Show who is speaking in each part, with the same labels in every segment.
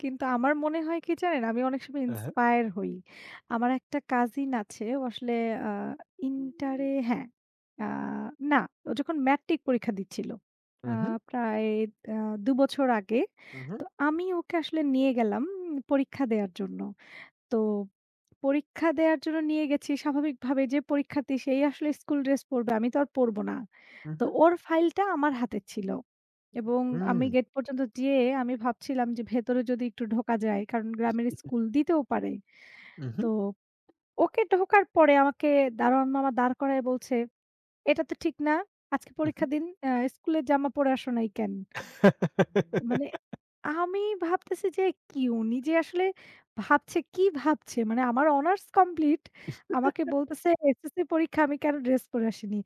Speaker 1: কিন্তু আমার মনে হয় কি জানেন? আমি অনেক সময়
Speaker 2: হ্যাঁ, হ্যাঁ।
Speaker 1: ইন্সপায়ার হই। আমার একটা কাজিন আছে। ও আসলে আ
Speaker 2: উ
Speaker 1: ইন্টার এ হ্যাঁ, আ না ও যখন ম্যাট্রিক পরীক্ষা দিচ্ছিল। আ
Speaker 2: হু, হু।
Speaker 1: প্রায় আ ২ বছর আগে।
Speaker 2: উ হু।
Speaker 1: তো আমি ওকে আসলে নিয়ে গেলাম পরীক্ষা দেওয়ার জন্য। তো পরীক্ষা দেওয়ার জন্য নিয়ে গেছি স্বাভাবিকভাবে যে, পরীক্ষার্থী সে আসলে স্কুল ড্রেস পড়বে। আমি তো আর পড়ব না।
Speaker 2: উ
Speaker 1: তো
Speaker 2: হু।
Speaker 1: ওর ফাইলটা আমার হাতে ছিল। এবং আমি
Speaker 2: হুম।
Speaker 1: গেট পর্যন্ত যেয়ে আমি ভাবছিলাম যে ভেতরে যদি একটু ঢোকা যায়। কারণ গ্রামের স্কুল দিতেও পারে।
Speaker 2: হু, হু।
Speaker 1: তো ওকে ঢোকার পরে আমাকে দারোয়ান মামা দাঁড় করায় বলছে, এটা তো ঠিক না। আজকে
Speaker 2: উ হু।
Speaker 1: পরীক্ষা দিন এ্যা স্কুলের জামা পরে আসো নাই কেন? মানে আমি ভাবতেছি যে কি উনি যে আসলে, ভাবছে কি ভাবছে মানে আমার হনার্স কমপ্লিট আমাকে বলতেছে এসএসসি পরীক্ষা আমি কেন ড্রেস পরে আসিনি।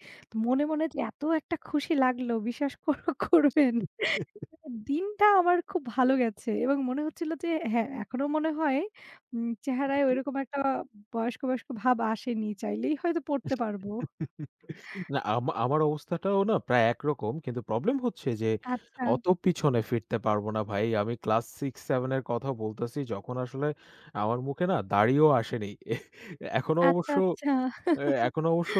Speaker 1: মনে, মনে যে এত একটা খুশি লাগলো বিশ্বাস কোরো করবেন। দিনটা আমার খুব ভালো গেছে এবং মনে হচ্ছিল যে হ্যাঁ, এখনো মনে হয় উম
Speaker 2: উ
Speaker 1: চেহারায়
Speaker 2: হু।
Speaker 1: ঐরকম একটা বয়স্ক, বয়স্ক, ভাব আসেনি। চাইলেই হয়তো পড়তে পারব।
Speaker 2: না আমা আমার অবস্থাটাও না প্রায় একরকম। কিন্তু প্রবলেম হচ্ছে যে
Speaker 1: আচ্ছা।
Speaker 2: অত পিছনে ফিরতে পারবো না ভাই। আমি ক্লাস ৬-৭ এর কথাও বলতেছি। যখন আসলে আমার মুখে না দাড়িও আসেনি। এহ! এখনও
Speaker 1: আচ্ছা,
Speaker 2: অবশ্য
Speaker 1: আচ্ছা।
Speaker 2: এখনো এ অবশ্য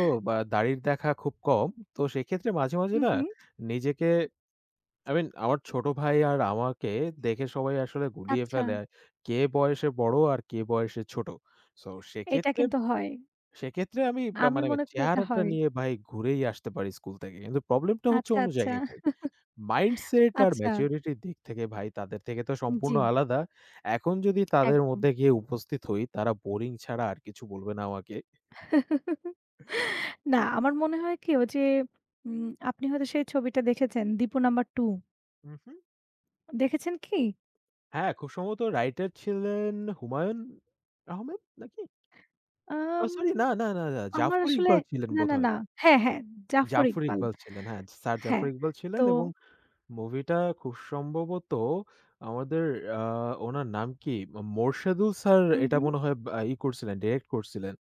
Speaker 2: দাড়ির দেখা খুব কম। তো সেক্ষেত্রে মাঝে, মাঝ
Speaker 1: হু,
Speaker 2: না
Speaker 1: হু।
Speaker 2: নিজেকে আই মিন আমার ছোট ভাই আর আমাকে দেখে সবাই আসলে গুলিয়ে
Speaker 1: আচ্ছা।
Speaker 2: ফেলে। কে বয়সে বড়, আর কে বয়সে ছোট। তো
Speaker 1: এটা
Speaker 2: সেক্ষেত্রে,
Speaker 1: কিন্তু হয়।
Speaker 2: সেক্ষেত্রে আমি বা
Speaker 1: আমি
Speaker 2: মানে
Speaker 1: মনে করি এটা
Speaker 2: চেহারাটা
Speaker 1: হয়।
Speaker 2: নিয়ে ভাই ঘুরেই আসতে পারি স্কুল থেকে। কিন্তু প্রবলেম টা হচ্ছে
Speaker 1: আচ্ছা,
Speaker 2: অন্য
Speaker 1: আচ্ছা।
Speaker 2: জায়গায় ভাই। মাইন্ডসেট আর
Speaker 1: আচ্ছা।
Speaker 2: ম্যাচুরিটি এর দিক থেকে ভাই তাদের থেকে তো সম্পূর্ণ
Speaker 1: জ্বী।
Speaker 2: আলাদা। এখন যদি তাদের
Speaker 1: একদম।
Speaker 2: মধ্যে গিয়ে উপস্থিত হই তারা বোরিং ছাড়া আর কিছু বলবে না আমাকে।
Speaker 1: না, আমার মনে হয় কি ও যে উম আপনি হয়তো সেই ছবিটা দেখেছেন, দীপু নাম্বার ২
Speaker 2: উ হু।
Speaker 1: দেখেছেন কি?
Speaker 2: হ্যাঁ, খুব সমত রাইটার ছিলেন হুমায়ুন আহমেদ নাকি? ও
Speaker 1: আম
Speaker 2: সরি না, না, না, না,
Speaker 1: আমার
Speaker 2: জাফর
Speaker 1: আসলে
Speaker 2: ইকবাল ছিলেন
Speaker 1: না, না,
Speaker 2: বোধহয়।
Speaker 1: না, হ্যাঁ, হ্যাঁ, জাফর
Speaker 2: জাফর
Speaker 1: ইকবাল।
Speaker 2: ইকবাল ছিলেন। হ্যাঁ। স্যার
Speaker 1: হ্যাঁ
Speaker 2: জাফর ইকবাল
Speaker 1: তো
Speaker 2: ছিলেন এবং মুভি টা খুব সম্ভবত আমাদের আ উনার নাম কি? ও মোরশেদুল স্যার
Speaker 1: হু,
Speaker 2: এটা
Speaker 1: হু।
Speaker 2: মনে হয় বা ই করছিলেন ডিইরেক্ট করছিলেন।